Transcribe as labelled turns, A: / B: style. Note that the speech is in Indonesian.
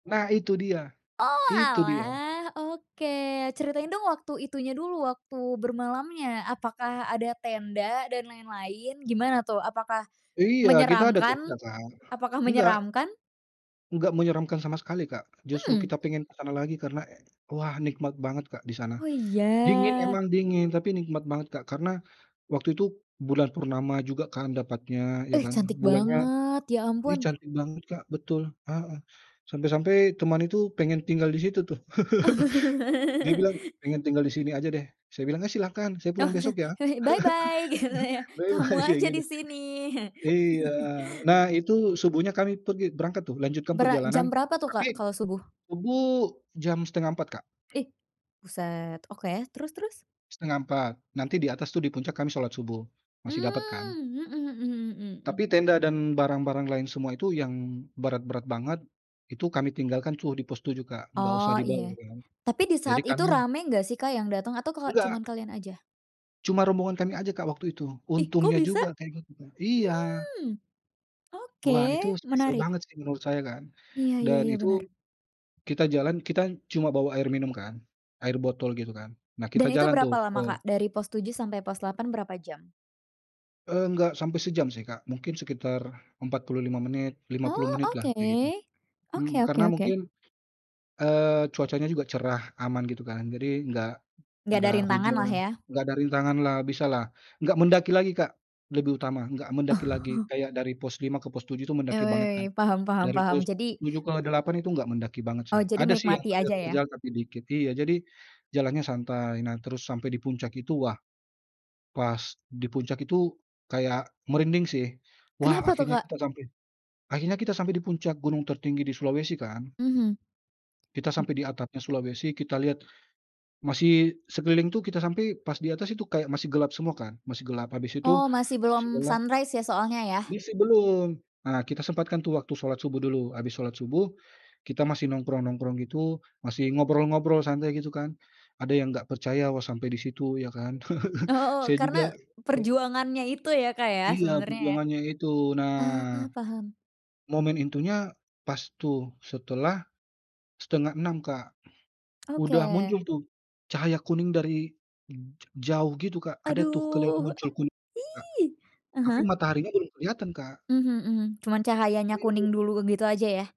A: Nah itu dia,
B: Oh,
A: itu dia!
B: alah. Oke, ceritain dong waktu itunya dulu, waktu bermalamnya apakah ada tenda dan lain-lain? Gimana tuh, apakah
A: Iya, kita ada tuh
B: menyeramkan?
A: dibelakang.
B: Apakah
A: Enggak.
B: menyeramkan?
A: Enggak menyeramkan sama sekali, Kak. Justru
B: Mmm.
A: kita pengen ke sana lagi karena, wah, nikmat banget, Kak, di sana.
B: Oh,
A: Dingin
B: iya.
A: memang dingin, tapi nikmat banget, Kak. Karena waktu itu bulan purnama juga kan dapatnya, iya,
B: Eh,
A: kan.
B: cantik
A: Bulannya
B: banget, ya,
A: ini
B: ampun!
A: cantik banget, Kak, betul, heeh, sampai-sampai teman itu pengen tinggal di situ, tuh. Dia bilang, "Pengen tinggal di sini aja deh," saya bilang, "Iya, silahkan, saya pulang besok ya!"
B: [unintelligible] Bye bye, gitu ya. Kamu
A: "Bye-bye," kayak
B: aja
A: gini.
B: di sini.
A: Iya, nah, itu Subuhnya kami pergi berangkat tuh, lanjutkan
B: Bera
A: perjalanan,
B: jam berapa tuh,
A: tapi
B: Kak, kalo subuh?
A: Subuh jam 03:30, Kak.
B: Ih! Buset! Oke, terus terus?
A: 03:30. Nanti di atas tuh, di puncak kan Salat Subuh, masih dapat kan.
B: Mmm, mhm mhm mhm mhm.
A: Tapi tenda dan barang-barang lain semua itu yang berat-berat banget, itu kami tinggalkan tuh di pos 7, Kak. Enggak usah
B: Oh,
A: dibawa
B: iya,
A: kan,
B: tapi di
A: jadi
B: saat itu
A: kami
B: rame enggak sih, Kak, yang dateng atau keho cuma
A: Enggak.
B: kalian aja?
A: Cuma rombongan kami aja, Kak, waktu itu.
B: Ih, kok
A: Untungnya
B: bisa?
A: juga kayak gitu kan, iya.
B: Mmm, oke
A: Wah, itu spesial
B: menarik.
A: banget sih menurut saya kan.
B: Iya iya
A: Dan
B: iya
A: itu
B: bener.
A: kita jalan, kita cuma bawa air minum kan, air botol, gitu kan. Nah, kita
B: Dan itu
A: jalan tuh
B: berapa
A: ke
B: lama, Kak? Dari pos 7 sampai pos 8 berapa jam?
A: Enggak sampai sejam sih, Kak. Mungkin sekitar 45 menit, 50
B: Oh,
A: menit lah,
B: oke.
A: kayak gitu. Mhm,
B: Oke oke
A: karena mungkin,
B: oke.
A: eee, cuacanya juga cerah, aman, gitu kan. Jadi enggak
B: Enggak ada
A: enggak
B: rintangan lah,
A: hujan,
B: ya?
A: enggak ada rintangan lah, bisalah. Enggak mendaki lagi, Kak, lebih utama, nggak mendaki lagi, kayak dari pos 5 ke pos 7 itu
B: Eh,
A: mendaki banget kan.
B: wei, paham, paham,
A: Dari
B: paham,
A: pos
B: jadi
A: 7 ke 8 itu nggak mendaki banget
B: Oh,
A: sih.
B: jadi
A: Ada sih yang
B: menikmati aja, ya?
A: terjal-terjal, tapi dikit. Iya, jadi jalannya santai, nah, terus sampai di puncak itu, wah! Pas di puncak itu kayak merinding sih. Wah,
B: Kenapa tuh,
A: akhirnya
B: Kak?
A: kita sampai akhirnya kita sampai di puncak gunung tertinggi di Sulawesi kan.
B: Mhm.
A: Kita
B: M
A: sampai di atapnya Sulawesi kita lihat, masih sekeliling tuh kita sampai pas di atas itu kayak masih gelap semua kan, masih gelap, habis itu,
B: Oh, masih
A: masih
B: belum
A: gelap
B: sunrise ya, soalnya, ya?
A: Misi belum, nah kita sempatkan tuh waktu Salat Subuh dulu. Habis Salat Subuh, kita masih nongkrong-nongkrong gitu, masih ngobrol-ngobrol santai, gitu kan. Ada yang enggak percaya. Wah, sampai di situ, ya kan.
B: Oh,
A: Saya juga
B: karena
A: he
B: perjuangannya itu ya, Kak, ya,
A: Iya,
B: sebenernya, ya?
A: perjuangannya itu, nah,
B: Eee, paham.
A: momen intinya pas tuh, setelah 05:30, Kak. Sudah
B: Oke.
A: muncul tuh, cahaya kuning dari ja jauh gitu, Kak. Ada tuh kelihatan
B: Aduh,
A: muncul kuning, Kak.
B: ih! Ah
A: tapi
B: hah.
A: Mataharinya belum kelihatan, Kak.
B: Mhm mhm. Cuman cahayanya
A: Iya.
B: kuning dulu, gitu aja, ya?